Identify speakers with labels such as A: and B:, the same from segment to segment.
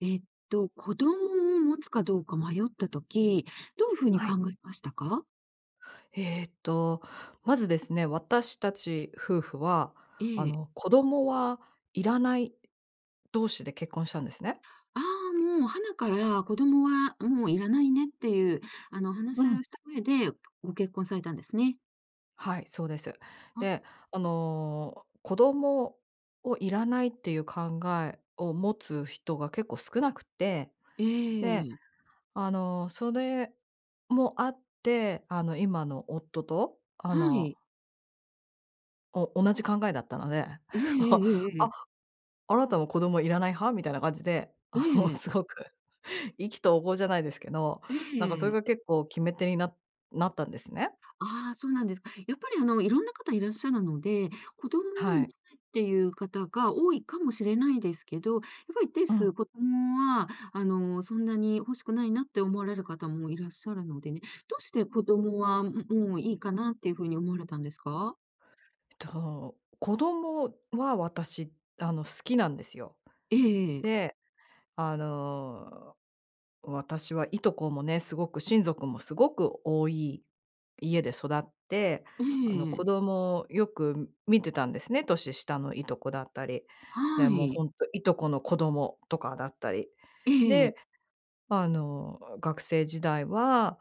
A: えっと、子供を持つかどうか迷った時、どうふうに
B: は
A: 考
B: い。
A: えましたか？
B: ええと、まずですね、私たち夫婦は、
A: え
B: あ
A: え。
B: の子供はいらない同士で、結婚したんですね。
A: ああ、もうハナから、子供はもういらないね、っていう、あの話
B: う
A: し合い
B: ん。
A: をした上で、ご結婚されたんですね。
B: はい、そうです。
A: あ。
B: で、あの子供をいらない、っていう考えを持つ人が、結構少なくて。
A: え
B: で、
A: え。
B: あのそれもあって、あの今の夫と、あ
A: は
B: の
A: い。
B: お同じ考えだったので、
A: ええ え
B: 「お、
A: ええええ
B: あっ、
A: え。
B: あなたも子供いらない派？」みたいな感じで、
A: え
B: あ
A: え
B: の
A: ええ。
B: すごく、意気投合じゃないですけど。
A: ええ
B: なんかそれ
A: ええ。
B: が結構、決め手になっなったんですね。
A: ああ、そうなんですか。やっぱりあの、いろんな方いらっしゃるので、子供を
B: は
A: 持
B: い。
A: ちたいっていう方が、多いかもしれないですけど。やっぱり一定
B: うん。
A: 数、子供はあの、そんなに欲しくないな、って思われる方もいらっしゃるのでね。どうして子供は、もういいかなっていうふうに、思われたんですか？
B: えっと、子供は私、あの好きなんですよ。
A: ええええ。
B: で、あの、私は従兄弟もね、すごく親族もすごく多い家で育って、
A: え
B: あの
A: え
B: 子
A: ええ。
B: 供をよく見てたんですね、年下の従兄弟だったり。で、
A: は
B: もう
A: い。
B: ほんと、従兄弟の子供とかだったり。
A: ええええ。
B: で、あの学生時代は、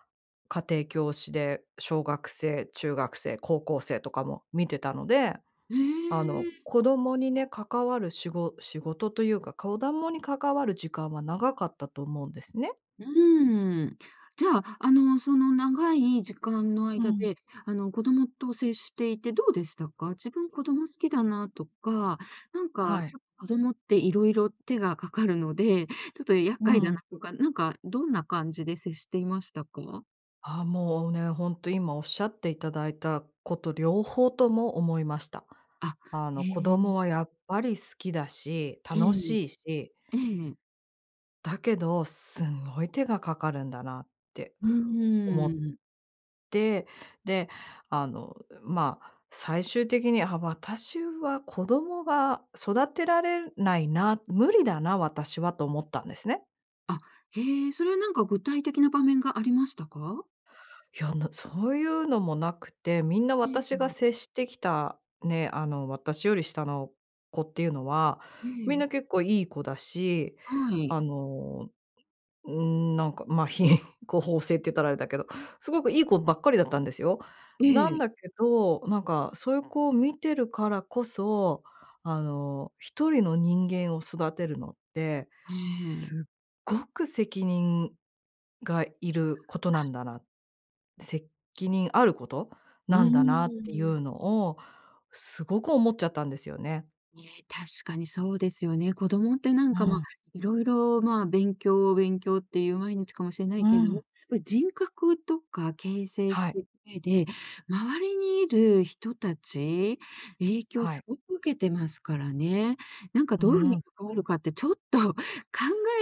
B: 家庭教師で、小学生、中学生、高校生とかも見てたので、
A: え
B: あの
A: え。
B: 子供にね関わるしご仕事というか、子供に関わる時間は長かったと思うんですね。
A: うーん。じゃあ、あの、その長い時間の
B: う
A: 間
B: ん。
A: で、あの子供と接していてどうでしたか？自分子供好きだなとか、なんか
B: は
A: ち
B: い。
A: ょっと子供っていろいろ手がかかるので、ちょっと厄
B: う
A: 介だな
B: ん。
A: とか、なんかどんな感じで接していましたか？
B: ああ、もうね、本当今おっしゃっていただいたこと両方とも思いました。
A: あ、
B: あ
A: へ
B: の子供
A: え。
B: はやっぱり好きだし、
A: う
B: 楽
A: ん。
B: しいし
A: ええ。
B: だけど、すんごい手がかかるんだなって、
A: う
B: 思っ
A: ーん。
B: て、で、あのま、最終的に、あ、私は子供が育てられないな、無理だな、私はと思ったんですね。
A: あ、へえ、それはなんか具体的な場面がありましたか？
B: いや、なそういうのも無くて、みんな
A: ええ、う
B: 私が
A: ん。
B: 接してきた、ね、あの、私より下の子っていうのは、
A: え
B: みん
A: え。
B: な結構良い子だし、
A: はい。
B: あの、うーん、なんか、まあ品行方正って言ったらあれだけど、凄く良い子ばっかりだったんですよ。
A: え
B: な
A: え。
B: んだけど、なんかそういう子を見てるからこそ、あの、1人の人間を育てるのって、
A: ええ。
B: 凄く責任が要ることなんだな、責任あること
A: う
B: なんだなってい
A: ーん。
B: うのを、凄く思っちゃったんですよね。
A: ね、確かにそうですよね。子供ってな
B: う
A: んか、ま、
B: ん。
A: 色々、ま、勉強勉強って言う毎日かもしれない
B: う
A: けれども、や
B: ん。
A: っぱり人格とか形成し
B: はい。
A: てく上で、周りに居る人達、影響
B: はい。
A: 凄く受けてますからね。何か
B: う
A: どう言う風に
B: ん。
A: 関わるかって、ちょっと考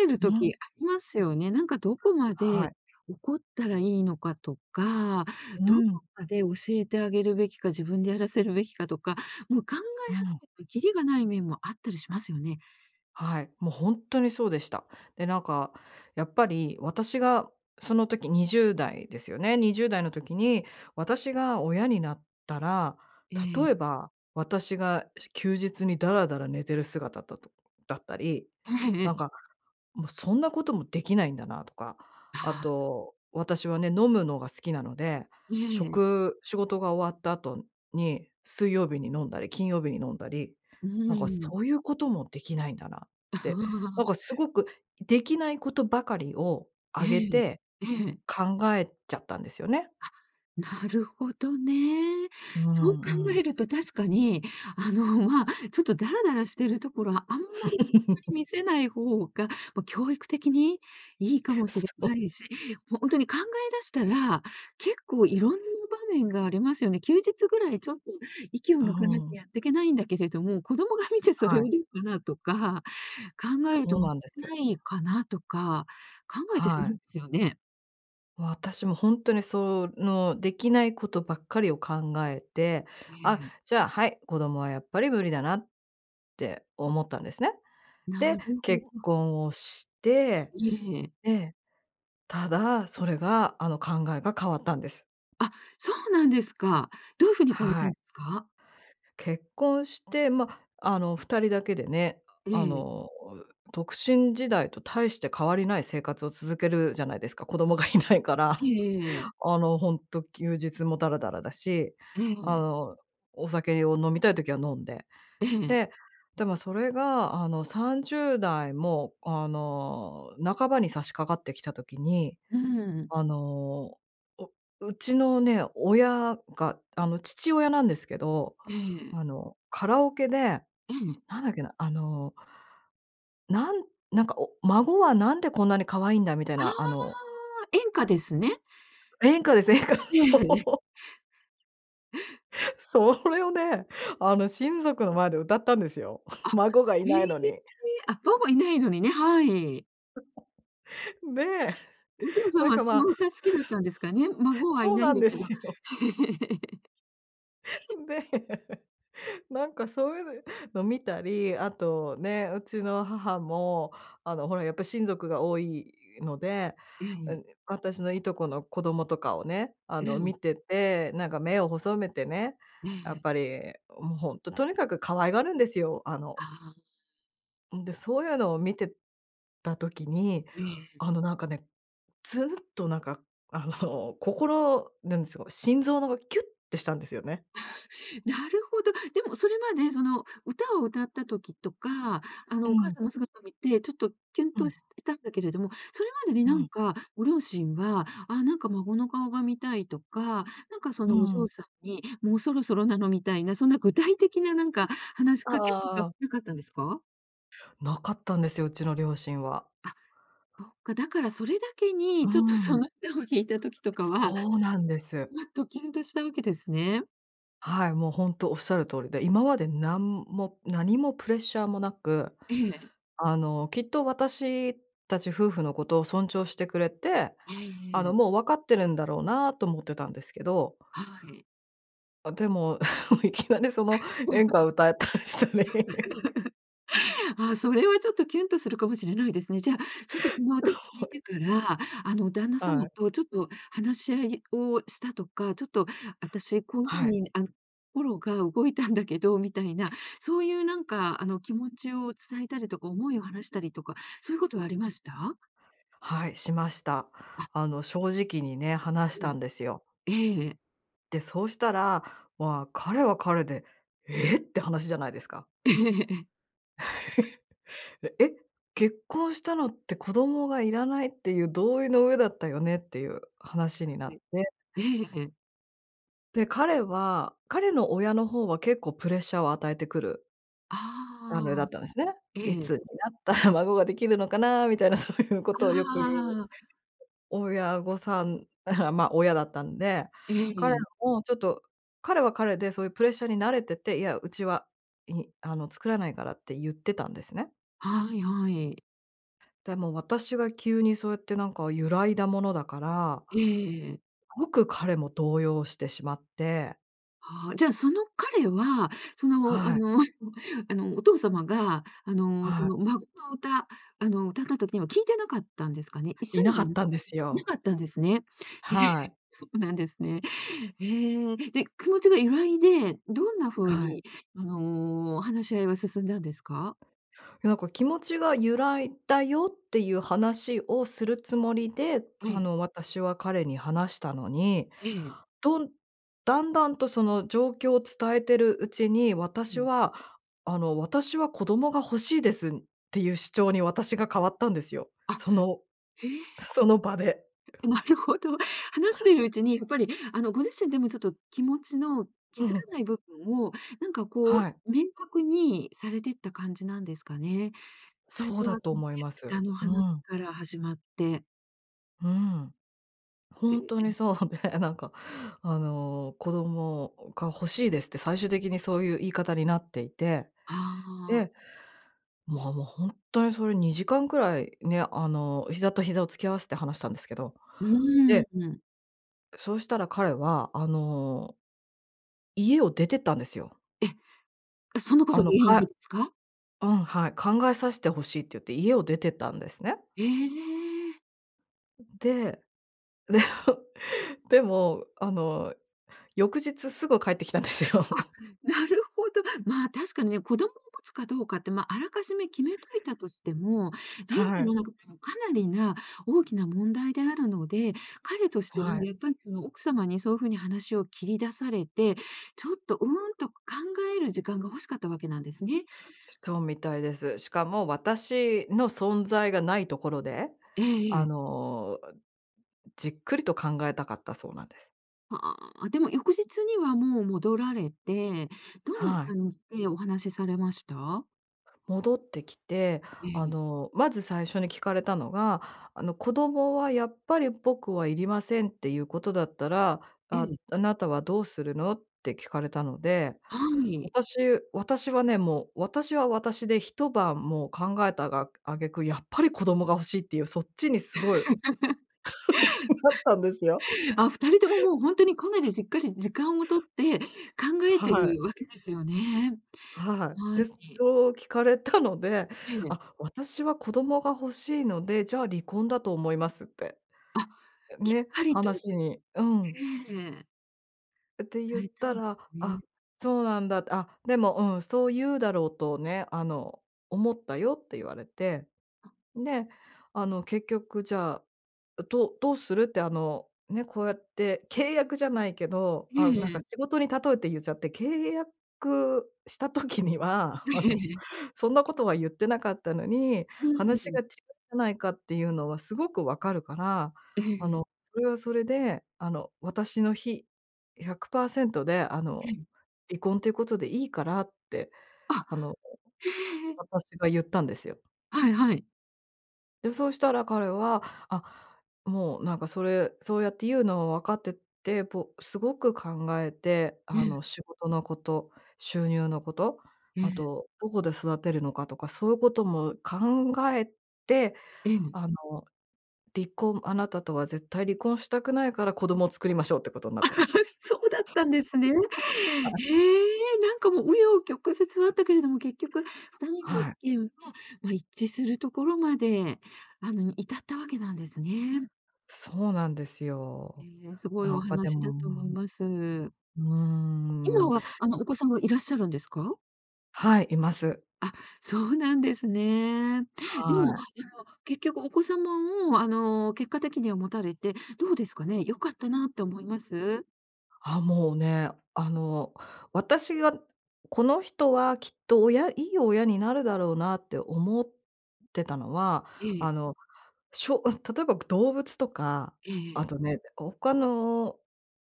A: える
B: う
A: 時
B: ん。
A: ありますよね。何かどこま
B: は
A: で、
B: い。
A: 怒ったら良いのかとか、
B: う
A: どこ
B: ん。
A: まで教えてあげるべきか、自分でやらせるべきかとか、もう考
B: う
A: え始
B: ん。
A: めてきりがない面もあったりしますよね。
B: はい、もうほんとにそうでした。で、なんか、やっぱり私が、その時20代ですよね、20代の時に、私が親になったら、
A: え
B: 例え
A: え。
B: ば、私が、し休日にだらだら寝てる姿だとだったり、
A: えええ
B: 何
A: え。
B: か、もうそんなことも出来ないんだなとか、
A: ああ。
B: 後、私はね、飲むのが好きなので、
A: う
B: しょ
A: ええ。
B: く仕事が終わった後に、水曜日に飲んだり、金曜日に飲んだり、
A: うー
B: 何か
A: ん。
B: そういうことも出来ないんだなっ
A: あ
B: て、何
A: あ。
B: か凄く出来ないことばかりを
A: え
B: 上げ
A: え、
B: て、
A: ええ。
B: 考えちゃったんですよね。
A: あ、なるほどね。
B: う
A: そう考
B: んうん。
A: えると確かに、あの、まあ、ちょっとだらだらしてる所は、あんまり に見 せない方が、まあ、教育的に良いかもし
B: そ
A: れない
B: う。
A: し、ほんとに考え出したら、結構色んな場面がありますよね、休日ぐらいちょっと息を
B: あ、
A: 抜かなき
B: うん。
A: ゃ、やっていけないんだけれども、子供が見てそれ
B: は
A: をど
B: い。
A: うかなとか、考えると
B: そう なんです。
A: ないかなとか、考えてしま
B: は
A: うん
B: い。
A: ですよね。
B: 私もほんとに、その、出来ないことばっかりを考えて、
A: え
B: あ、
A: え。
B: じゃあ、はい、子供はやっぱり無理だなって思ったんですね。
A: な
B: で、
A: るほど。
B: 結婚をして、
A: いえ。
B: で、ただ、それが、あの、考えが変わったんです。
A: あ、そうなんですか。どういう風に変わっ
B: は
A: たん
B: い。
A: ですか？
B: 結婚して、まあ、あの、2人だけでね、
A: え
B: あ
A: え。
B: の、独身時代と大して変わりない生活を続けるじゃないですか、子供がいないか
A: え
B: ら。
A: えええ。
B: あの、ほんと休日もだらだらだし、
A: え
B: あ
A: え。
B: の、お酒を飲みたい時は飲んで、
A: ええ。
B: ででもそれが、あの、30代も、あの、半ばに差し掛かってきた時に、
A: うーん。
B: あの、ううちのね、親が、あの、父親なんですけど、
A: ええ。
B: あの、カラオケで、
A: うん。
B: なんだっけな、あのなんなんか、お孫はなんでこんなに可愛いんだみたい
A: あ
B: な、あの
A: あ、演歌ですね。
B: 演歌です、演歌。
A: え
B: そ
A: え、え。
B: う。それをね、あの、親族の前で歌ったんですよ、
A: あ、
B: 孫がい
A: へ
B: な
A: え、
B: いのに。
A: あ、ほぼいないのにね、はい。
B: で、
A: お父さん
B: なん
A: は
B: か
A: そ
B: ま
A: の
B: あ。
A: 歌好きだったんですかね。孫はい
B: そう
A: ないん
B: なん
A: だ
B: で
A: けど。
B: すよ。で、なんかそういうのを見たり、あとね、うちの母も、あのほらやっぱり親族が多いので、
A: う
B: う
A: ん。
B: ん、私の従兄弟の子供とかをね、あ
A: う
B: の
A: ん。
B: 見てて、なんか目を細めてね、
A: え
B: やっ
A: え。
B: ぱり、もうほんと、とにかく可愛がるんですよ、あの。
A: ああ。
B: んで、そういうのを見てた時に、
A: ええ。
B: あの、なんかね、つんとなんか、あの心なんですか、心臓がキュッてしたんですよね。
A: なるほど、でもそれまで、その歌を歌った時とか、あ
B: う
A: のお母
B: ん。
A: さんの姿を見て、ちょっとキュン
B: う
A: と
B: ん。
A: したんだけれども、それまでに
B: う
A: 何
B: ん。
A: かご両親は、あなんか孫の顔が見たいとか、なんかそ
B: う
A: のお嬢
B: ん。
A: さんに、もうそろそろなのみたいな、そんな具体的ななんか話し
B: あ、
A: かけとか
B: ああ。
A: 無かったんですか？
B: なかったんですよ、うちの両親は。
A: あ、そっか、だからそれだけ
B: う
A: に、ちょっとそ
B: ん。
A: の歌を聞いた時とかは、
B: そうなんです。
A: ちょっとキュンとしたわけですね。
B: はい、もうほんとおっしゃる通りで、今までなんもなにもプレッシャーもなく、
A: ええ。
B: あの、きっと私達夫婦のことを尊重してくれて、
A: ええ
B: あ
A: え
B: の
A: え。
B: もう分かってるんだろうなと思ってたんですけど。
A: はい。
B: あ、でも、いきなりその演歌を歌ったりしたり。
A: ああ、それはちょっとキュンとするかもしれないですね。じゃあ、ちょっとその 聞
B: は
A: い
B: い。
A: てから、あの旦那
B: あ
A: 様
B: い。
A: とちょっと話し合いをしたとか、ちょっと、あたし、こういう
B: は
A: 風
B: い。
A: にあの心が動いたんだけど、みたいな、そういうなんかあの気持ちを伝えたりとか、思いを話したりとか、そういうことはありました？
B: はい、しました。
A: あ
B: あの正直にね、話し
A: え
B: た
A: え、
B: んですよ。
A: ええ。
B: で、そうしたら、わ、彼は彼で、「ええ！」って話じゃないですか。
A: ええ。
B: 「えっ！結婚したのって、子供がいらないっていう同意の上だったよね」っていう話にな
A: は
B: っ
A: い。
B: て。
A: ええ、え。
B: で、彼は彼の親の方は結構プレッシャーを与えてくるあの、だ
A: ああ。
B: ったんですね。「い
A: ええ。
B: つになったら孫が出来るのかな」みたいなそういうことをよく言う、
A: あ あ。
B: 親御さんあ、まあ、親だったんで、
A: え
B: 彼
A: え。
B: もちょっと、彼は彼でそういうプレッシャーに慣れてて、いや、うちは、いあの作らないからってゆってたんですね。
A: はいはい。
B: でも私が急にそうやってなんか揺らいだものだから
A: ええええ。
B: ごく彼も動揺してしまって。
A: ああ、じゃ、その彼は、その、あ
B: はい。
A: の、あの、お父様が、あの、そ
B: はい。
A: の、孫の歌、あの歌った時には聴いてなかったんですかね？一緒
B: いなかっ
A: に
B: たんです
A: な
B: よ。
A: かったんですね。へえ、
B: はい。
A: そうなんですね。へえ。で、気持ちが揺らいで、どんな風
B: はい。
A: に、あの、話し合いは進んだんですか？
B: なんか気持ちが揺らいだよっていう話をするつもりで、
A: あ
B: あ
A: い。
B: の私は彼に話したのに、
A: ええ。
B: どんだんだんとその状況を伝えてるうちに、私 は、あの「私は子供が欲しいです」っていう主張に私が変わったんですよ。
A: あ、
B: その
A: へえ。
B: その場で。
A: え、なるほど。話しているうちに、やっぱりあのご自身でも、ちょっと気持ちの気
B: う
A: づか
B: ん。
A: ない部分を、なんかこ
B: はい。
A: う明確にされてった感じなんですかね？最
B: そう
A: 初
B: だ
A: は
B: と思いま
A: そ
B: す。
A: の の
B: う
A: 話
B: ん。
A: から始まって。
B: うん。ほんとに そうで、なんか、あの、「子供が欲しいです」って、最終的にそうゆう言い方になっていて、
A: はあ。
B: で、まあ、も、ほんとにそれ、2時間くらい、ね、あの、膝と膝を突き合わして話したんですけど。
A: うーん、
B: で
A: うん。
B: そうしたら彼は、あの家を出てったんですよ。
A: え？そのこと、
B: あの、
A: 原因で
B: か
A: ですか？
B: うん、はい、「考えさしてほしい」ってゆって、家を出てったんですね。
A: ええ！
B: で、でも、あの翌日すぐ帰ってきたんですよ。
A: あ、なるほど。まあ、確かね、子供を持つかどうかって、ま、あらかじめ決めといたとしても、人
B: は
A: 生の
B: い。
A: 中でもかなりな大きな問題であるので、彼として
B: は
A: もや
B: い。
A: っぱり、その、奥様にそうふうに話を切り出されて、ちょっと、うーん、と考える時間が欲しかったわけなんですね。
B: しそうみたいです。しかも、私の存在がないところで、
A: えええ
B: あ
A: え。
B: の、じっくりと考えたかったそうなんで。
A: は、ああ、でも翌日にはもう戻られて、どんな
B: はい。
A: 感じでお話されました？
B: 戻ってきて、
A: え
B: あ
A: え。
B: の、まず最初に聞かれたのが、あの、「子供は、やっぱり僕は要りませんってゆうことだったら、
A: え
B: あ
A: え。
B: あなたはどうするの？」って聞かれたので、
A: はい。
B: 私私はね、もう、私は私で一晩もう考えたが、挙句、やっぱり子供が欲しいってゆう、そっちにすごい なったんですよ。
A: あ、2人とも、もうほんとにかなりじっくり時間を取って、考えて
B: はい。
A: るわけですよね。
B: はい。
A: は
B: で、
A: い。
B: そう聞かれたので、
A: へえ。
B: 「あ、私は子供が欲しいので、じゃあ離婚だと思います」って
A: あ、きっ
B: ね、
A: ぱりと。
B: 話にうん。
A: へえ。
B: え、て、ゆっ
A: はい、そ
B: た
A: うで
B: ら、
A: す
B: 「あ、
A: ね。
B: そうなんだ」って。「あ、でも、うん、そうゆううだろうとね、あの、思ったよ」って言われて。で、あの、結局、「じゃあ、どどうする？」って、あの、ね、こうやって、契約じゃないけど、
A: え
B: ああ、
A: え
B: なん
A: え
B: か
A: え。
B: 仕事に例えてゆっちゃって、「契約した時には、あの、そんな ことはゆってなかったのに、
A: うんう
B: 話が違
A: ん。
B: うじゃないかってゆうのはすごく分かるから、
A: え
B: あ
A: え。
B: の、それはそれで、あの、私の非、100％で、あ
A: へ
B: の、
A: ん。
B: 離婚ってことでいいから」って、
A: あ！
B: あの、
A: へえ、ええ。
B: 私がゆったんですよ。
A: はいはい。
B: で、そうしたら彼は、あ、もう、なんかそれ、そうやって言うのは分かってて、ぽすごく考えて、
A: え
B: あ
A: え。
B: の、仕事のこと、収入のこと、
A: え
B: あ
A: え。
B: と、どこで育てるのかとか、そういうことも考えて、
A: えん。
B: あの、離婚あなたとは絶対離婚したくないから、子供を作りましょうってことになったんです。
A: そうだったんですね。へ
B: はい。
A: え、なんかもう、紆余曲折あったけれども、結局、二人の意
B: はい。
A: 見は、ま、一致するところまで、あの至ったわけなんですね。
B: そうなんですよ。
A: え、すごい
B: な
A: お
B: んかで
A: 話だ
B: も、
A: と思います。
B: うーん。
A: 今
B: うん。
A: は、あの、お子さんもいらっしゃるんですか？
B: はい、います。
A: あ、そうなんですね。で
B: は
A: も、
B: い。
A: あの結局お子様をあの、結果的には持たれて、どうですかね、よかったなって思います？
B: ああ、もうね、あの私が、この人はきっと親いい親になるだろうなって思ってたのは、
A: え
B: あ
A: え。
B: のしょあ、例えば動物とか、
A: ええ
B: あ
A: ええ。
B: とね、こう、他の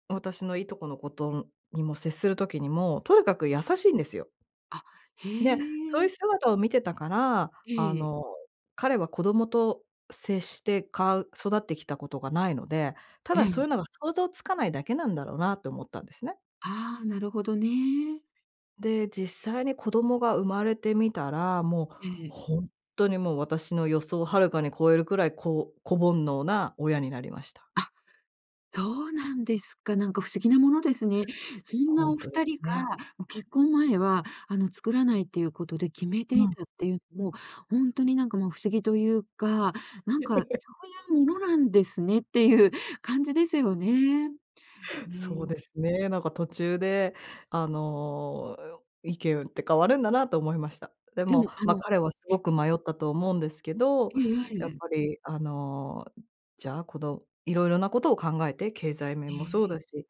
B: 私の従兄弟の子とにも接する時にも、とにかく優しいんですよ。
A: あ、へ
B: で、そういう
A: え。
B: 姿を見てたから、あ
A: ええ。
B: の彼は子供と接して、かう育ってきたことが無いので、た
A: え
B: だそう
A: え。
B: いうのが想像つかないだけなんだろうなと思ったんですね。
A: ああ、なるほどね。
B: で、実際に子供が生まれてみたら、もう、
A: ええ。
B: ほんとにもう私の予想遥かに超えるくらい、こう、子煩悩な親になりました。
A: あ、そうなんですか。なんか不思議なものですね。そん
B: ほ
A: な
B: ん
A: お
B: と
A: ふ
B: で
A: た
B: す
A: りが、
B: ね。
A: も、結婚前は、あの、作らないっていうことで決めて
B: う
A: い
B: ん。
A: たっていう、も、ほんとになんかもう不思議というか、なんか そういうものなんですねってゆう感じですよね。
B: そう
A: ね。
B: ですね、なんか途中で、あの、意見って変わるんだなと思いました。で
A: で
B: も、
A: も、あ
B: ま、
A: の
B: 彼はすごく迷ったと思うんですけど、
A: ええ、あい、
B: やっ
A: え。
B: ぱり、あの、じゃあ、この色々なことを考えて、経済
A: へ
B: 面もそう
A: え、い。
B: だし、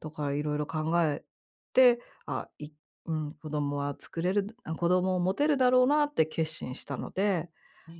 B: とか色々考えて、ああ、いうん、子供は作れる、あ、子供を持てるだろうなって決心したので
A: へ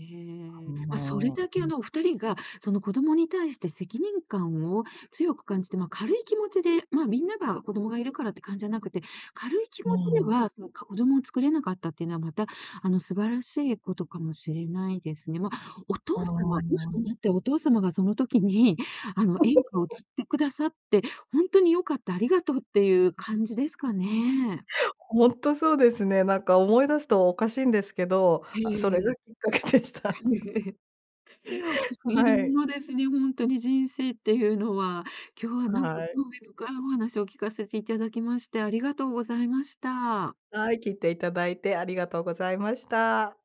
B: あ
A: え。ま、それ
B: の、
A: だ
B: う
A: け、あ
B: ん。
A: の、2人が、その、子供に対して責任感を強く感じて、ま、軽い気持ちで、ま、みんなが子供がいるからって感じゃなくて、軽い気持
B: う
A: ちで
B: ん。
A: は、その、か子供を作れなかったっていうのは、また、あの、素晴らしいことかもしれないですね。ま、お
B: あ
A: 父様、今と
B: あ。
A: なって、お父様がその時に、あの、演歌を歌っ てくださって、ほんとに良かった、ありがとうってゆう感じですかね。
B: ほんとそうですね。なんか思い出すとおかしいんですけど、
A: へ
B: あ、それが
A: え、
B: きっかけでした。
A: 不思議な
B: は
A: も
B: い。
A: のですね、ほんとに人生ってゆうのは。今日はなんか
B: はい。
A: 興味深いお話を聞かせていただきまして、ありがとうございました。
B: はい、聞いていただいてありがとうございました。